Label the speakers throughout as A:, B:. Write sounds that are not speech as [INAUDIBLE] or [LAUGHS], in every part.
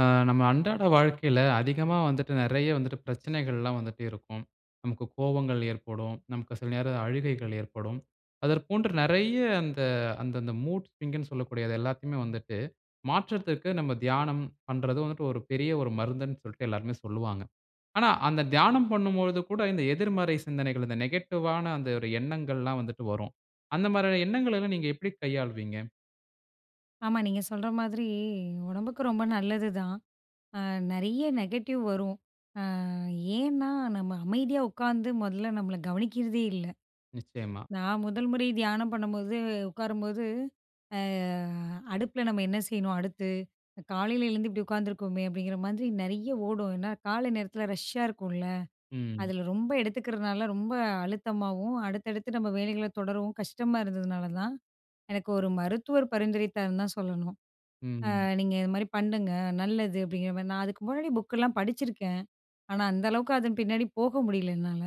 A: ஆ, நம்ம அன்றாட வாழ்க்கையில அதிகமா வந்துட்டு, நெறைய வந்துட்டு பிரச்சனைகள்லாம் வந்துட்டே இருக்கும். நமக்கு கோவங்கள் ஏற்படும். நமக்கு சில நேரம் அழுகைகள் ஏற்படும். அதற்போன்று நெறைய அந்த அந்தந்த மூட்ஸ்விங்குன்னு சொல்லக்கூடிய அது எல்லாத்தையுமே வந்துட்டு, மாற்றத்திற்கு நம்ம தியானம் பண்றது வந்துட்டு ஒரு பெரிய ஒரு மருந்துன்னு சொல்ட்டு, எல்லாருமே சொல்லுவாங்க. ஆனா அந்த தியானம் பண்ணும்பொழுது கூட, இந்த எதிர்மறை சிந்தனைகள் இந்த நெகட்டிவ்வான, அந்த ஒரு எண்ணங்கள்லாம் வந்துட்டு வரும். அந்த மாரியான எண்ணங்களை எல்லாம் நீங்க எப்படி கையாளுவீங்க?
B: ஆமா. நீங்க சொல்ற மாதிரி, உடம்புக்கு ரொம்ப நல்லது தான். அ நெறைய நெகட்டிவ் வரும். அ ஏன்னா நம்ம அமைதியா உட்காந்து, மொதல்ல நம்மள கவனிக்கிறதே இல்ல.
A: நிச்சயமா.
B: நான் 1 முறை தியானம் பண்ணும்போது, உட்காரும்போது "அ அடுப்பில நம்ம என்ன செய்யணும், அடுத்து? காலையில எழுந்து இப்படி உட்காந்துருக்கோமே?" அப்படீங்கிற மாதிரி நெறைய ஓடும். ஏன்னா, காலை நேரத்தில ரஷ்ஷா இருக்கும்ல்ல.
A: ம்.
B: அதுல ரொம்ப எடுத்துக்கிறனால ரொம்ப அழுத்தமாவும், அடுத்தடுத்து நம்ம வேலைகளை தொடரவும் கஷ்டமா இருந்ததுனாலதான், எனக்கு 1 மருத்துவர் பரிந்துரைத்தார்ன்னுதான் சொல்லணும். "அ
A: ம்.
B: நீங்க இது மாரி பண்ணுங்க, நல்லது." அப்படீங்கிற மாரி. நான் அதுக்கு முன்னாடி புக்கெல்லாம் படிச்சுருக்கேன். ஆனா, அந்த அளவுக்கு அதன் பின்னாடி போக முடியல, என்னால.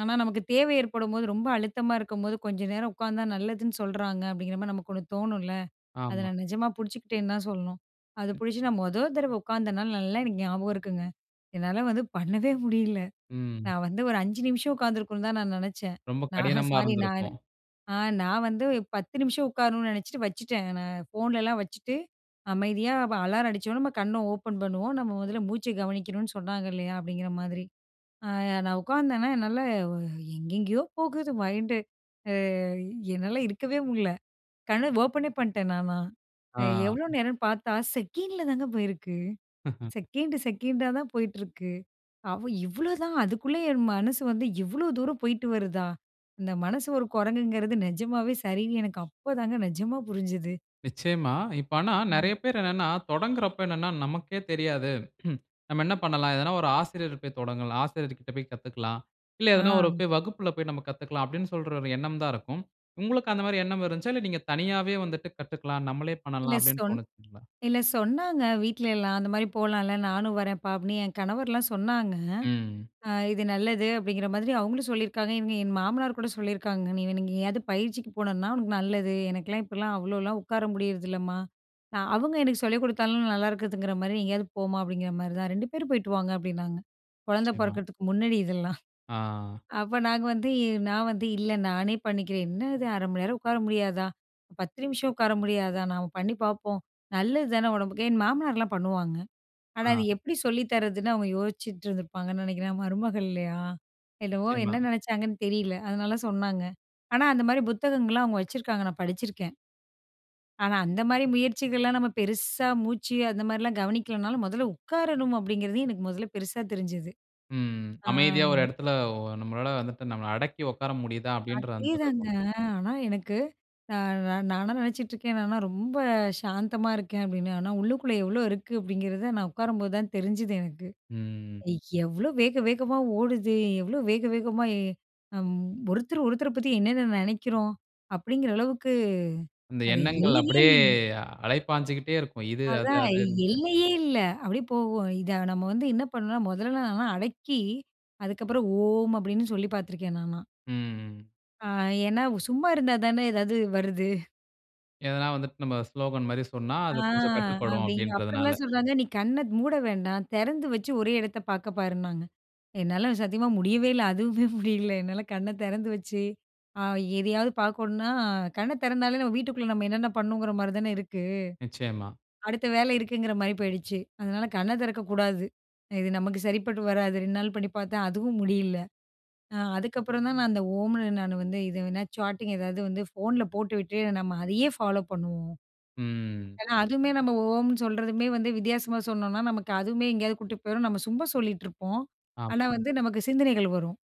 B: "ஆனா, நமக்கு தேவை ஏற்படும்போது, ரொம்ப அழுத்தமா இருக்கும்போது, கொஞ்ச நேரம் உட்காந்தா நல்லதுன்னு சொல்றாங்க." அப்படீங்கிற மாதிரி நமக்கு ஒண்ணு தோணும்ல்ல. அத
A: ஆமா.
B: நான் நெஜமா புடிச்சுக்கிட்டேன்னு தான் சொல்லணும். அது
A: ம்.
B: புடிச்சு நான் மொத தரவ உட்காந்த நாள், நல்லா எனக்கு ஞாபகம் இருக்குங்க. என்னால வந்து பண்ணவே முடியல.
A: ம்.
B: நான் வந்து ஒரு 5 நிமிஷம் உட்காந்துருக்கணும்ன்னு தான் நான் நெனைச்சேன்.
A: ரொம்ப
B: நா
A: கடினமா
B: சாரி நானு.
A: இருந்திருக்கும்.
B: அ நான் வந்து 10 நிமிஷம் உட்காரணும்னு நெனைச்சுட்டு வச்சுட்டேன். நான் ஃபோன்லலாம் வச்சுட்டு, அமைதியா ப "அலாரம் அடிச்சோன்ன, நம்ம கண்ணை ஓப்பன் பண்ணுவோம், நம்ம முதல்ல மூச்சை கவனிக்கணும்ன்னு சொன்னாங்க இல்லையா?" அப்படீங்கிற மாதிரி. அ நான் உட்கார்ந்தேனா, என்னால எங்கெங்கயோ போகுது மைண்டு. அ என்னால இருக்கவே முடில. கண்ண ஓப்பனே பண்ட்டேன், நானா.
A: ஆ.
B: எவ்வளோ நேரம்ன்னு பார்த்தா, செகண்டில தாங்க போயிருக்கு.
A: [LAUGHS]
B: செகண்டு செகண்டா தான் போயிட்டிருக்கு. அவ இவ்வளோதான், அதுக்குள்ள என் மனசு வந்து இவ்வளோ தூரம் போய்ட்டு வருதா? அந்த மனசு ஒரு குரங்குங்கிறது நெஜமாவே சரின்னு, எனக்கு அப்போதாங்க நெஜமா புரிஞ்சுது.
A: நிச்சயமா. இப்ப ஆனா
B: ம்.
A: நெறய பேர் என்னனா, தொடங்குகிறப்ப என்னன்னா நமக்கே தெரியாது. [CHUCKLES] "நம்ம என்ன பண்ணலாம்? எதனா ஒரு ஆசிரியர் போய் தொடங்கலாம் ஆசிரியர்கிட்ட போய் கத்துக்கலாம். இல்ல, எதனா ஒரு
B: ஆ.
A: போய் வகுப்பில போய் நம்ம கத்துக்கலாம்." அப்படீன்னு சொல்ற ஒரு எண்ணம் தான் இருக்கும். உங்களுக்கு அந்த மாரி எண்ணம் இருந்துச்சா? இல்ல, "நீங்க தனியாவே வந்துட்டு கத்துக்கலாம். நம்மளே
B: இல்ல
A: பண்ணலாம்." அப்படீன்னு
B: சொன்
A: தோணுச்சுங்களா?
B: இல்ல சொன்னாங்க, வீட்லயல்லாம். "அந்த மாரி போலாம்ல்ல, நானும் வரேன்ப்பா." அப்படீன்னு. என் கணவர்லாம் சொன்னாங்க.
A: ம்.
B: "அ இது நல்லது." அப்படீங்கிற மாதிரி அவங்களும் சொல்லியிருக்காங்க. இவங்க என் மாமனார் கூட, சொல்லியிருக்காங்க. "நீ வேண் எங்கேயாவது பயிற்சிக்கு போனன்னா, உனக்கு நல்லது. எனக்குலாம் இப்படிலாம் அவ்வளோலாம் உட்கார முடியறதில்லம்மா. நா அவங்க எனக்கு சொல்லிக் குடுத்தாலும், நல்லாயிருக்குதுங்கிற மாரி, எங்கேயாவது போமா." அப்படீங்கிற மாரி தான். "2 பேரும் போய்ட்டு வாங்க" அப்படீன்னாங்க. குழந்தை
A: நிச்சயமா.
B: பொறக்கறதுக்கு முன்னடி இதெல்லாம்.
A: ஆ.
B: அப்ப நாங்க வந்து, "நான் வந்து இல்ல, நானே பண்ணிக்கிறேன். என்னது 1/2 உட்கார முடியாதா? 10 நிமிஷம் உட்கார முடியாதா? நாம பண்ணி பாப்போம். நல்லது தான உடம்புக்கு" என் மாமனார்லாம் பண்ணுவாங்க. ஆனா,
A: ஆ.
B: அது எப்படி சொல்லி தரதுன்னு அவங்க யோசிச்சிட்டு இருந்திருப்பாங்கன்னு நெனைக்கிறேன், மருமகள் இல்லையா? என்னவோ,
A: நிச்சயமா.
B: என்ன நெனச்சாங்கன்னு தெரியல. அதனால சொன்னாங்க. ஆனா, அந்த மாரி புத்தகங்கள்லாம், அவங்க வச்சுருக்காங்க. நான் படிச்சிருக்கேன். ஆனா அந்த மாரி முயற்சிகள்லாம், நம்ம பெருசா மூச்சு அந்த மாரிலாம் கவனிக்கலனாலும், "முதல்ல உட்காரணும்" அப்படீங்கிறது, எனக்கு முதல்ல பெருசா தெரிஞ்சது.
A: ம்.
B: ஆ
A: "அமைதியா ஒரு
B: வ்
A: இடத்தில ஒ நம்மளால வந்துட்டு, நம்மள அடக்கி உட்கார முடியுதா?" அப்படீன்ற அந்த
B: அதேதாங்க.
A: கர்வம்.
B: ஆனா, எனக்கு நா நானா நெனச்சிட்டுருக்கேன், "நானா ரொம்ப சாந்தமா இருக்கேன்." அப்படீன்னு. "ஆனா, உள்ளுக்குள்ள எவ்வளோ இருக்கு?" அப்படீங்கிறத நான் உட்காரம்போது தான் தெரிஞ்சுது எனக்கு.
A: ம்.
B: எவ்வளோ வேக வேகமா ஓடுது. எவ்வளோ வேக வேகமாய் அம். ஒருத்தர் ஒருத்தரை பத்தி, என்னென்ன நெனைக்கிறோம்?" அப்படீங்கிற அளவுக்கு
A: அந்த
B: அது
A: எண்ணங்கள் அப்படியே
B: [UNINTELLIGIBLE]
A: அலைபாஞ்சுக்கிட்டே இருக்கும். இது, அது
B: அதான்,
A: அதுன்ட்டு.
B: எல்லையே இல்லை. அப்படியே போகும். இத நம்ம வந்து என்ன பண்ணணும்ன்னா, முதல்ல நான்லாம் அடக்கி, அதுக்கப்புறம் "ஓம்" அப்படீன்னு சொல்லி பார்த்துருக்கேன், நானா.
A: ம். ம்.
B: அ ஏனா, சும்மா இருந்தா தானே ஏதாவது வருது.
A: எதனா வந்துட்டு நம்ம ஸ்லோகன் மாரி சொன்னா
B: ஆ
A: அது கொஞ்சம் கட்டுப்படும்
B: அப்டி அப்பறலாம்
A: அப்டின்றதுனால.
B: சொல்றாங்க, நீ கண்ண மூட வேண்டாம் தெறந்து வச்சு ஒரே எடத்த பார்க்க பாருன்னாங்க. என்னால சத்தியமா முடியவேல அதுவுமே முடியல என்னால. கண்ண தெறந்து வச்சு அ எதையாவது பார்க்கணும்னா கண்ண தெறந்தாலே நம்ம வீட்டுக்குள்ள நம்ம என்னென்ன பண்ணணுங்ற மாரி தான இருக்கு.
A: நிச்சயமா.
B: அடுத்த வேலை இருக்குங்கற மாரி போயிடுச்சு. அதனால கண்ண தெறக்கக்கூடாது. இது நமக்கு சரிப்பட்டு வராது 2 நாள் பண்ணி பார்த்தேன், அதுவும் முடியல. அ அதுக்கப்புறம் தான் நான் அந்த ஓம்னு நான் வந்து இது வேணா சாட்டிங் ஏதாவது வந்து ஃபோன்ல போட்டுவிட்டு நம்ம அதையே ஃபாலோ பண்ணுவோம்.
A: ம்.
B: ஏனா, அதுவுமே நம்ம ஓம்னு சொல்றதுமே வந்து வித்தியாசமா சொன்னோன்னா நமக்கு அதுவுமே எங்கேயாவது கூட்டி போயிரும். நம்ம சும்மா சொல்லிட்ருப்போம். ஆனா
A: ஆமா.
B: வந்து நமக்கு சிந்தனைகள் வரும்.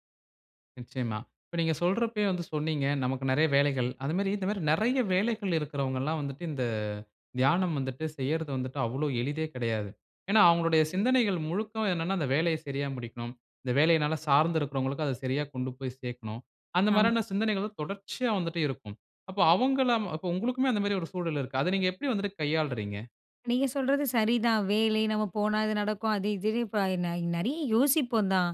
A: நிச்சயமா. இப்ப நீங்க சொல்றப்பயே வந்து சொன்னீங்க நமக்கு நெறைய வேலைகள். அது மாரி இந்த மாரி நெறைய வேலைகள் இருக்றவங்கல்லாம் வந்துட்டு, இந்த தியானம் வந்துட்டு, செய்றது வந்துட்டு அவ்ளோ எளிதே கெடையாது. ஏனா, அவங்களுடைய
B: ம்.
A: சிந்தனைகள் முழுக்க என்னன்னா, அந்த வேலைய சரியா முடிக்கணும். இந்த வேலையினால சார்ந்து இருக்றவங்களுக்கு அத சரியா கொண்டு போய் சேர்க்கணும். அந்த
B: ஆமா.
A: மாரியான சிந்தனைகள் தொடர்ச்சியா வந்துட்டே இருக்கும். அப்ப அவுங்களாம் அப்ப உங்களுக்குமே அந்த மாரி ஒரு சூழல் இருக்கு. அத நீங்க எப்டி வந்துட்டு கையாள்றீங்க?
B: நீங்க சொல்றது சரிதான். வேலை நம்ம போனா இது நடக்கும், அது இதுன்னு இப்ப ந நறையா யோசிப்போம் தான்.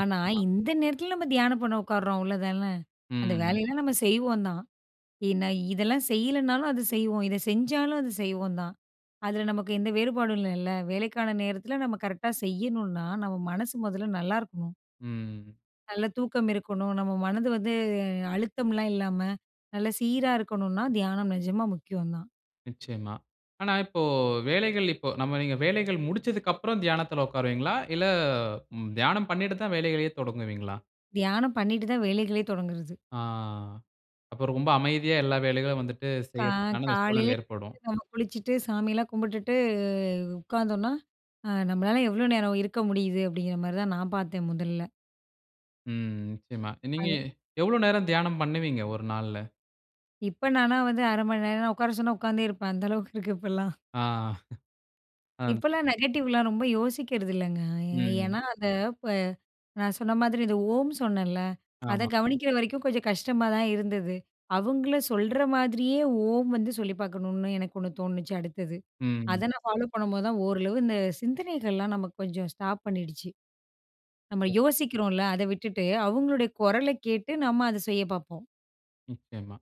B: ஆனா,
A: ஆ.
B: இந்த நேரத்ல நம்ம தியானம் பண்ண உட்காருறோம் அவ்ளோதான? அந்த
A: ம்.
B: வேலையெல்லாம் நம்ம செய்வோம் தான். ஏன்னா இதெல்லாம் செய்யலனாலும் அத செய்வோம், இத செஞ்சாலும் அது செய்வோம் தான். அதுல நமக்கு எந்த வேறுபாடும் இல்லல்ல? வேலைக்கான நேரத்ல நம்ம கரெக்ட்டா செய்யணுன்னா? நம்ம மனசு மொதல்ல நல்லாருக்கணும்.
A: ம்.
B: நல்ல தூக்கம் இருக்கணும், நம்ம மனது வந்து அழுத்தம்லாம் இல்லாம, நல்ல சீரா இருக்கணுன்னா, தியானம் நெஜமா முக்கியம் தான்.
A: நிச்சயமா. ஆனா இப்போ வேலைகள் இப்போ நம்ம நீங்க வேலைகள் முடிச்சதுக்கப்றம் தியானத்துல உட்காருவீங்களா? இல்ல, தியானம் பண்ணிட்டு தான் வேலைகளையே தொடங்குவீங்களா?
B: தியானம் பண்ணிட்டு தான் வேலைகளே தொடங்குறது.
A: ஆ, அப்ப ரொம்ப அமைதியா எல்லா வேலைகளும் வந்துட்டு,
B: கா
A: செய்றதுக்கான அந்த
B: காலையில
A: சூழல் ஏற்படும்.
B: எந்திரிச்சி, நம்ம குளிச்சுட்டு, சாமியெல்லாம் கும்பிட்டுட்டு உட்காந்தோன்னா, அ நம்மளால எவ்ளோ நேரம் இருக்க முடியுது? அப்டிங்ற மாரி தான், நான் பாத்தேன் முதல்ல.
A: ம். நிச்சயமா நீங்க
B: அது.
A: எவ்ளோ நேரம் தியானம் பண்ணுவீங்க 1 நாள்ல?
B: இப்பனா நா வந்து, 1/2 மந்நேரம் உட்கார சொன்னா உட்காந்தே இருப்பேன். அந்த அளவுக்கு இருக்கு இப்பலாம்.
A: ஆ. [CHUCKLES] அந்
B: இப்பலாம் நெகட்டிவ்லாம் ரொம்ப யோசிக்றதில்லங்க.
A: ம்.
B: ஏனா, அந்த இப்ப, நான் சொன்ன மாதிரி இந்த "ஓம்" சொன்னேல, அத
A: ஆமா.
B: கவனிக்குற வரைக்கும் கொஞ்சம் கஷ்டமா தான் இருந்தது. அவுங்களும் சொல்ற மாதிரியே "ஓம்" வந்து சொல்லி பாக்கணும்னு எனக்கு ஒண்ணு தோணுச்சு அடுத்தது, அத
A: ம்.
B: நான் ஃபாலோ பண்ணும்போது தான் ஓரளவு இந்த சிந்தனைகள்லாம் நமக்கு கொஞ்சம் ஸ்டாப் பண்ணிடுச்சு. நம்ம யோசிக்றோன்ல, அத விட்டுட்டு, அவங்களுடைய குரலக் கேட்டு நம்ம அத செய்யப் பாப்போம்.
A: நிச்சயமா.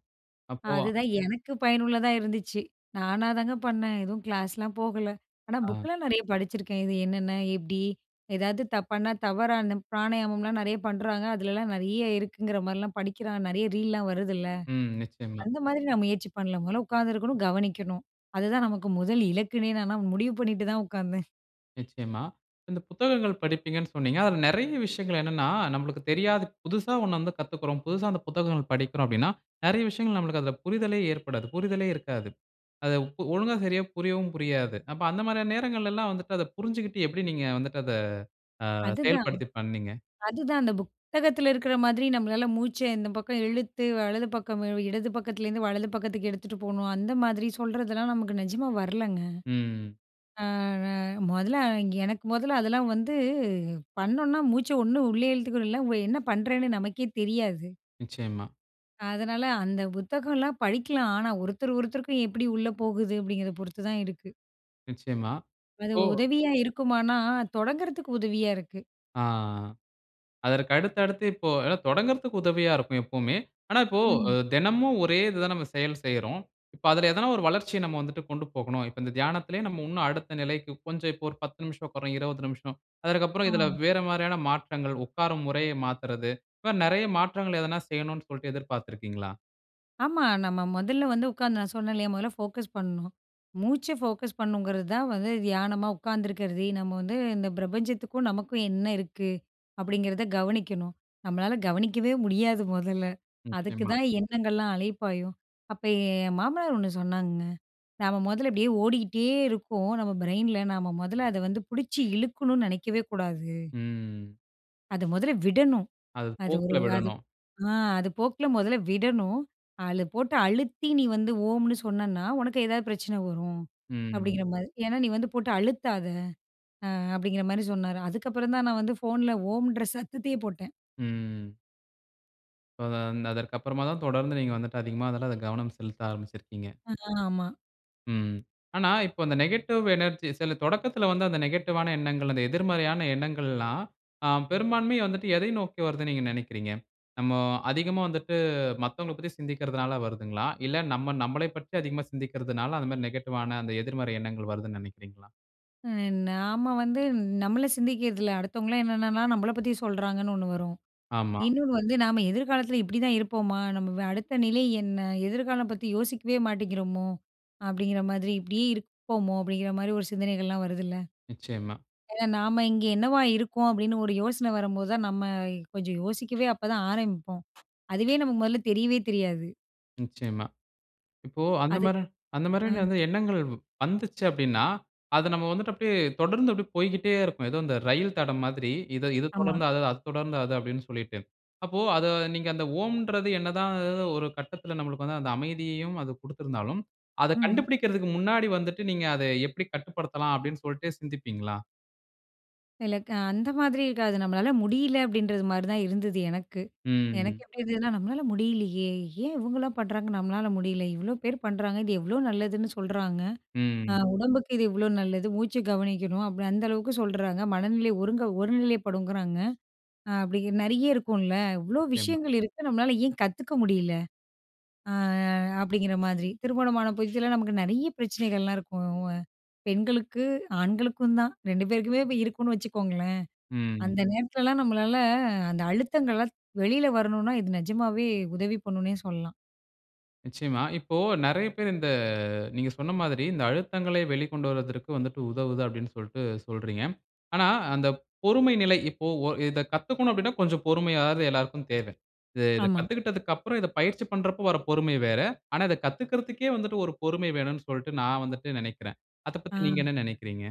A: அப்போ
B: அதுதான் எனக்கு பயனுள்ளதா இருந்துச்சு. நானாதாங்க பண்ணேன். எதுவும் கிளாஸ்லாம் போகல. ஆனா
A: ஆ.
B: புக்லாம் நிறையா படிச்சிருக்கேன். இது என்னென்ன? எப்டி? ஏதாவது தப்பான, தவறான பிராணயமம்லாம் நேறையா பண்ணுறாங்க. அதிலல்லாம் நிறைய இருக்குங்கிற மாரில்லாம் படிக்கிறோம், நிறைய ரீல்லாம் வருதுல்ல!
A: ம். நிச்சயமா.
B: அந்த மாதிரி நான் முயற்சி பண்ணல, மொதல்ல உக்காந்துருக்கணும், கவனிக்கணும். அதுதான், நமக்கு முதல் இலக்குனே நால்லாம் முடிவு பண்ணிட்டு தான் உக்காந்தேன்.
A: நிச்சயமா, இந்த புத்தகங்கள் படிப்பீங்கனு சொன்னீங்க. அதில நெறைய விஷயங்கள் என்னன்னா நம்பளுக்கு தெரியாது புதுசா ஒண்ணு வந்து கத்துக்குறோம். புதுசா அந்த புத்தகங்கள் படிக்கிறோம் அப்டினா, நெறைய விஷயங்கள் நம்மளுக்கு அதில புரிதலே ஏற்படாது, புரிதலே இருக்காது. அத இப்போ ஒழுங்கா சரியா புரியவும் புரியாது. அப்போ, அந்த மாரியான நேரங்கள்லலாம் வந்துட்டு, அத புரிஞ்சிக்கிட்டு, எப்டி நீங்க வந்துட்டு அத, அ
B: அதுதான்.
A: செயல்படுத்தி பண்ணீங்க?
B: அதுதான், அந்த புத்தகத்தில இருக்கிற மாதிரி நம்மளால மூச்சை இந்த பக்கம் இழுத்து, வலது பக்கம் வி இடது பக்கத்துலேருந்து வலது பக்கத்துக்கு எடுத்துட்டு போணும், அந்த மாதிரி சொல்றதெல்லாம் நமக்கு நெஜமா வரலங்க.
A: ம் ம்.
B: அ ந மொதல்ல அ இங் எனக்கு மொதல்ல அதெல்லாம் வந்து, பண்ணோன்னா மூச்சை ஒண்ணு உள்ளயே இழுத்துக்கனும் இல்ல அவுங்க என்ன பண்ணுறேன்னு நமக்கே தெரியாது.
A: நிச்சயமா.
B: அதனால, அந்த புத்தகம்லாம் படிக்கலாம். ஆனா, ஒருத்தர் ஒருத்தருக்கும் எப்புடி உள்ள போகுது, அப்டிங்கிறத பொறுத்து தான் இருக்கு.
A: நிச்சயமா.
B: அது
A: ஓ!
B: உதவியா இருக்குமானா? தொடங்குறதுக்கு உதவியா இருக்கு.
A: ஆ அதற்கு அடுத்து, அடுத்து இப்போ தொடங்குறதுக்கு உதவியா இருக்கும் எப்போமே. ஆனா இப்போ
B: ம்.
A: தெனமும் ஒரே இது தான் நம்ம செயல் செய்றோம். இப்ப அதுல ஏதனா ஒரு வளர்ச்சிய நம்ம வந்துட்டு கொண்டு போகனும். இப்போ இந்த தியானத்திலேயே நம்ம இன்னும் அடுத்த நிலைக்கு கொஞ்சம் இப்போ ஒரு 10 நிமிஷம் உட்கரோம் 20 நிமிஷம் அதற்கு அப்புறம் இதுல
B: ஆ.
A: வேற மாரியான மாற்றங்கள் உட்காரும் முறைய மாத்துறது. இப்ப நெறைய மாற்றங்கள் எதனா செய்யணும் சொல்லிட்டு எதிர்பார்த்து இருக்கிறீங்களா?
B: ஆமா. நம்ம மொதல்ல வந்து உட்காந்து நான் சொன்னே இல்லையா, மொதல்ல ஃபோக்கஸ் பண்ணும். மூச்ச ஃபோக்கஸ் பண்ணணுங்கிறது தான் வந்து தியானமா உட்காந்துருக்கறது. நம்ம வந்து இந்த பிரபஞ்சத்துக்கும், நமக்கும் என்ன இருக்கு அப்டிங்கிறத கவனிக்கணும். நம்மளால கவனிக்கவே முடியாது முதல்ல
A: நிச்சயமா.
B: அதுக்குதான் எண்ணங்கள்லாம் அலைப்பாயும். அப்ப என் மாமனார் ஒண்ணு சொன்னாங்கங்க நம்ம முதல அப்டியே ஓடியிட்டே இருக்கோம். நம்ம பிரைன்ல நம்ம மொதல்ல அத வந்து புடிச்சு இழுக்கணுனு நெனைக்கவே கூடாது.
A: ம்.
B: அத மொதல்ல விடணும்.
A: அது
B: அது ஒரு
A: போக்குல
B: அது
A: விடனும்.
B: ஆ அது போக்குல முதல்ல விடணும். அது போட்டு அழுத்தி நீ வந்து ஓம்னு சொன்னேன்னா உனக்கு ஏதாவது பிரச்சன வரும். அப்டிங்குற
A: ம்.
B: மாரி. "ஏனா நீ வந்து போட்டு அழுத்தாத" ஆ அப்டிங்குற மாரி சொன்னாரு. அதுக்கப்புறம் தான் நான் வந்து ஃபோன்ல ஓம்ன்ற சத்தத்தையே போட்டேன்.
A: ம். இப்போ அந்த அதற்கு அப்புறமா தான் தொடர்ந்து நீங்க வந்துட்டு அதிகமா அதுல கவனம் செலுத்த ஆரம்பிச்சுருக்கீங்க.
B: அ. ஆமா.
A: ம். ஆனா இப்போ அந்த நெகட்டிவ் எனர்ஜி சில தொடக்கத்துல வந்து அந்த நெகட்டிவ்வான எண்ணங்கள் அந்த எதிர்மறையான எண்ணங்கள்லாம், அ பெரும்பான்மையா வந்துட்டு எதை நோக்கி வருதுன்னு நீங்க நெனைக்கிறீங்க? நம்மோ அதிகமா வந்துட்டு மத்தவங்களப் பத்தி சிந்திக்கிறதனால வருதுங்களா? இல்ல நம்ம நம்மளை பற்றி அதிகமா சிந்திக்கிறதனால அந்த மாதிரி நெகட்டிவ்வான அந்த எதிர்மறை எண்ணங்கள் வருதுன்னு நெனைக்கிறீங்களா?
B: ம். நாம வந்து நம்மளை சிந்திக்கிறது இல்லை. அடுத்தவங்கள்லாம் என்னென்னலாம் நம்பளை பத்தி சொல்றாங்கன்னு ஒண்ணு வரும்.
A: ஆமா.
B: இன்னொன்னு வந்து, "நாம எதிர்காலத்துல இப்படிதான் இருப்போமா? நம்ப வ அடுத்த நிலை என்ன? எதிர்காலம் பத்தி யோசிக்கவே மாட்டேங்கிறோமோ?" அப்படீங்கிற மாதிரி, "இப்படி இருப்போமோ?" அப்படீங்கிற மாரி ஒரு சிந்தனைகள்லாம் வருதுல்ல.
A: நிச்சயமா.
B: ஏன்னா, "நாம இங்க என்னவா இருக்கோம்?" அப்படீன்னு ஒரு யோசனை வரும்போது தான், நம்ம கொஞ்சம் யோசிக்கவே அப்பதான் ஆரம்பிப்போம். அதுவே நமக்கு முதல்ல தெரியவே தெரியாது.
A: நிச்சயமா. இப்போ அந்த
B: அது
A: மாரி அந்த
B: அ.
A: மாரியான வந்து எண்ணங்கள் வ் வந்துச்சு அப்படீன்னா, அதை நம்ம வந்துட்டு அப்படியே தொடர்ந்து அப்படியே போய்க்கிட்டே இருக்கும். ஏதோ இந்த ரயில் தடம் மாதிரி. "இதை இதை
B: ஆமா.
A: தொடர்ந்து அதை அதை தொடர்ந்து அது." அப்படீன்னு சொல்லிட்டு. அப்போ அதை நீங்க, "அந்த ஓம்ன்றது என்னதான் ஒரு கட்டத்துல நம்மளுக்கு வந்து அந்த அமைதியையும் அது குடுத்துருந்தாலும், அதை
B: ம்.
A: கண்டுபிடிக்கிறதுக்கு முன்னாடி வந்துட்டு, நீங்க அதை எப்படி கட்டுப்படுத்தலாம்?" அப்படீன்னு சொல்ட்டு சிந்திப்பீங்களா?
B: சில க அ அந்த மாதிரி இருக்காது நம்மளால முடியல, அப்டின்றது மாதிரி தான் இருந்தது எனக்கு.
A: ம். ம்.
B: எனக்கு
A: ம்.
B: எப்டி இருந்ததுனா, நம்மளால முடியலையே, ஏன் இவங்கலாம் பண்றாங்க நம்மளால முடியல? இவ்ளோ பேரு பண்றாங்க இது எவ்ளோ நல்லதுன்னு சொல்றாங்க
A: ம்.
B: அ
A: ம்.
B: உடம்புக்கு இது இவ்ளோ நல்லது, மூச்சு கவனிக்கணும் அப்டி அந்த அளவுக்கு சொல்றாங்க, மனநிலை ஒருங்க ஒரு நிலைப்படுங்றாங்க, அ அப்டி நெறைய இருக்கும்ல, இவ்ளோ
A: நிச்சயமா.
B: விஷயங்கள் இருக்கு நம்மளால ஏன் கத்துக்க முடியல? அ அப்டிங்கிற மாதிரி. திருமணமான புதிதுல, நமக்கு நெறைய பிரச்சனைகள்லாம் இருக்கும். பெண்களுக்கு, ஆண்களுக்கும் தான் 2 பேருக்குமே, இருக்கும்னு வச்சுக்கோங்களேன்.
A: ம்.
B: அந்த நேரத்துலலாம் நம்மளால அந்த அழுத்தங்கள்லாம் வெளியில வரணுனா, இது நிஜமாவே உதவி பண்ணுன்னே சொல்லலாம்.
A: நிச்சயமா. இப்போ நெறைய பேர் இந்த நீங்க சொன்ன மாதிரி இந்த அழுத்தங்களை வெளிக்கொண்டு வருவதற்கு வந்துட்டு உதவுது அப்டினு சொல்லிட்டு சொல்றீங்க. ஆனா அந்த பொறுமை நிலை இப்போ ஓ இத கத்துக்கனும் அப்டின்னா, கொஞ்சம் பொறுமையாவது எல்லாருக்கும் தேவ. இத
B: ஆமா.
A: கத்துக்கிட்டதுக்கு அப்புறம், இத பயிற்சி பண்றப்போ வர பொறுமை வேற. ஆனா இத கத்துக்றதுக்கே வந்துட்டு, ஒரு பொறுமை வேணும்னு சொல்லிட்டு நான் வந்துட்டு நெனைக்கிறேன்.
B: ஆ.
A: அதபத்தி நீங்க என்ன நெனைக்றீங்க?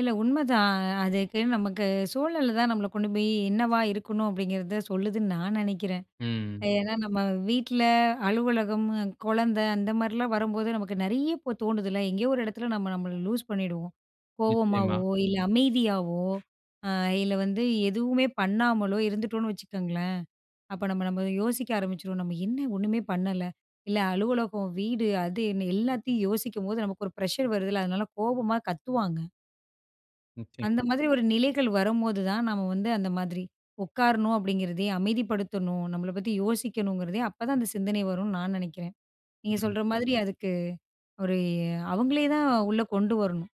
B: இல்ல உண்மதான் அதுக்கு நமக்கு சூழல் தான் நம்மள கொண்டு போய் என்னவா இருக்கணும்? அப்டிங்கிறத சொல்லுதுன்னு நான் நெனைக்கிறேன்.
A: ம்.
B: ஏனா நம்ம வீட்ல, அலுவலகம், கொழந்த அந்த மாரிலாம் வரும்போது நமக்கு நெறைய இப்ப தோணுதுல. எங்கேயோ ஒரு எடத்ல நம்ம நம்மள லூஸ் லூஸ் பண்ணிடுவோம்.
A: நிச்சயமா.
B: கோவமாவோ இல்ல அமைதியாவோ இல்ல வந்து எதுவுமே பண்ணாமலோ இருந்துட்டோம்னு வச்சுக்கோங்களேன். அப்ப நம்ம நம்ம யோசிக்க ஆரம்பிச்சுருவோம் நம்ம என்ன ஒண்ணுமே பண்ணல இல்ல அலுவலகம் வீடு அது என்ன எல்லாத்தையும் யோசிக்கும்போது நமக்கு ஒரு ப்ரெஷர் வருதுல்ல அதனால கோபமா கத்துவாங்க. அந்த
A: நிச்சயமா.
B: மாதிரி ஒரு நிலைகள் வரும்போது தான் நாம வந்து அந்த மாதிரி உட்காரணும் அப்டிங்கிறதே அமைதிப்படுத்தணும். நம்மளப் பத்தி யோசிக்கணுங்கிறதே அப்ப தான் அந்த சிந்தனை வருன்னு நான் நெனைக்கிறேன். நீங்க
A: ம்.
B: சொல்ற மாதிரி அதுக்கு ஒரு அவுங்களே தான் உள்ள கொண்டு வரணும்.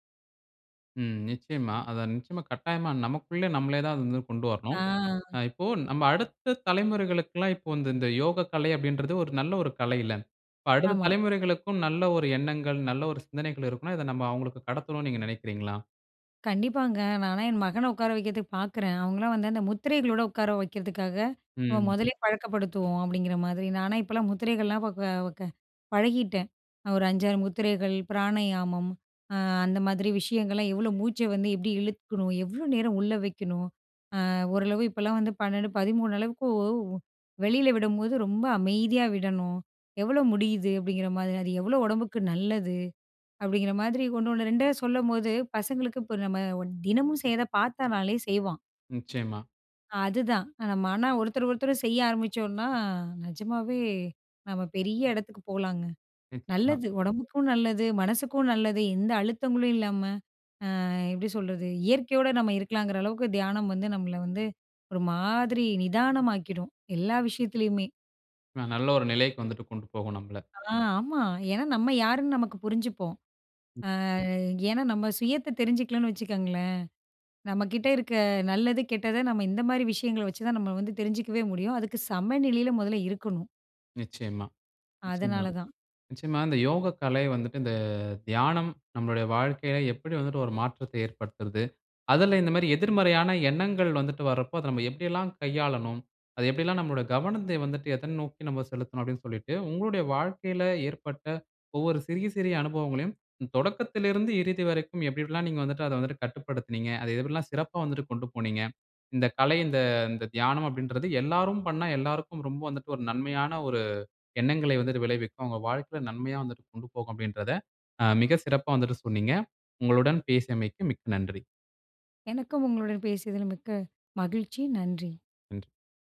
A: ம். நிச்சயமா அத நிச்சயமா கட்டாயமா நமக்குள்ள நம்மளே தான் அத வந்து கொண்டு வரணும்.
B: ஆ.
A: ஆ இப்போ நம்ம அடுத்த தலைமுறைகளுக்குலாம் இப்ப இநத இந்த யோகக்கலை அப்டின்றது ஒரு நல்ல ஒரு கலையில்ல! இப்ப அடுத்த
B: ஆமா.
A: தலைமுறைகளுக்கும் நல்ல ஒரு எண்ணங்கள், நல்ல ஒரு சிந்தனைகள் இருக்குன்னா, இத நம்ம அவுங்களுக்கு கடத்தணுனு நீங்க நெனைக்கிறீங்களா?
B: கண்டிப்பாங்க. நானா என் மகன உட்கார வைக்கிறதுக்கு பார்க்குறேன். அவுங்களலாம் வந்து அந்த முத்திரைகளோட உட்கார வைக்கிறதுக்காக நம்ம
A: ம்.
B: முதலே பழக்கப்படுத்துவோம், அப்டிங்கிற மாதிரி நானா இப்பலாம் முத்திரைகள்லாம் இப்ப க க பழகிட்டேன் ஒரு 5, 6 முத்திரைகள் பிராணயாமம் ஆ அந்த மாதிரி விஷயங்கள்லாம் எவளோ மூச்ச வந்து எப்டி இழுத்துக்குறோம். எவ்ளோ நேரம் உள்ளே வைக்கணும், ஆ ஓரளவு இப்பலாம் வந்து 12 13 அளவுக்கோ வெளில விடம்போது ரொம்ப அமைதியா விடணும். எவ்ளோ முடியுது அப்டிங்கிற மாதிரியா, அது எவ்ளோ உடம்புக்கு நல்லது அப்டிங்கிற மாதிரி ஒண்ணோனு 2அ சொல்லும்போது பசங்களுக்கு இப்ப நம்ம தினமும் செய்ற பார்த்தானாலே செய்வான்.
A: நிச்சயமா.
B: அதுதான் மன ஒருத்தர், ஒருத்தர் செய்ய ஆரம்பிச்சோம்னா நிஜமாவே நம்ம பெரிய இடத்துக்கு போலாங்க.
A: நிச்சயமா.
B: நல்லது உடம்புக்கும், நல்லது மனசுக்கும் நல்லது எந்த அழுத்தங்களும் இல்லாம, ஆ எப்டி சொல்றது, இயற்கையோட நம்ம இருக்கலாங்குற அளவுக்கு தியானம் வந்து நம்மள வந்து ஒரு மாதிரி நிதானமாக்கிடும், எல்லா விஷயத்துலயுமே.
A: நான் நல்ல ஒரு நிலைக்கு வந்துட்டு கொண்டு போகும் நம்மள.
B: ஆ, ஆமா. ஏனா நம்ம யாருன்னு நமக்கு புரிஞ்சுப்போம். ஆ ஏனா, நம்ம சுயத்த தெரிஞ்சுக்கலன்னு வச்சுக்கங்களேன், நம்ம கிட்ட இருக்க நல்லது, கெட்டது நம்ம இந்த மாரி விஷயங்கள வச்சுதான் நம்ம வந்து தெரிஞ்சுக்கவே முடியும். அதுக்கு சம நிலையில மொதல்ல இருக்கணும்.
A: நிச்சயமா, நிச்சயமா,
B: அதனால தான்.
A: நிச்சயமா. இந்த யோக கலை வந்துட்டு. இந்த தியானம் நம்மளுடைய வாழ்க்கையில எப்படி வந்துட்டு ஒரு மாற்றத்தை ஏற்படுத்துறது. அதுல இந்த மாதிரி எதிர்மறையான எண்ணங்கள் வந்துட்டு வர்றப்போ. அத நம்ம எப்படில்லாம் கையாளனும். அது எப்படியெல்லாம் நம்மோட கவனத்தை வந்துட்டு எதை நோக்கி நம்ம செலுத்தனும், அப்டின்னு சொல்லிட்டு. உங்களுடைய வாழ்க்கையில ஏற்பட்ட ஒவ்வொரு சிறிய, சிறிய அனுபவங்களையும். தொடக்கத்திலிருந்து இறுதி வரைக்கும் எப்டி, எப்டில்லாம் நீங்க வந்துட்டு அதை வந்து கட்டுப்படுத்தினீங்க. அதை எப்டில்லாம் சிறப்பா வந்துட்டு கொண்டு போனீங்க. இந்த கலை இந்த இந்த தியானம் அப்டின்றது எல்லாரும் பண்ணா எல்லாருக்கும் ரொம்ப வந்துவட்டு ஒரு நன்மையான ஒரு எண்ணங்களை வந்துட்டு விளைவிக்கும். அவங்க வாழ்க்கையில நன்மையா வந்து கொண்டு போகும், அப்டின்கிறத மிக சிறப்பா வந்துட்டு சொன்னீங்க. உங்களுடன் பேசியமைக்கு மிக்க நன்றி.
B: எனக்கும் உங்களுடன் பேசியதில் மிக்க மகிழ்ச்சி. நன்றி.
A: ம்.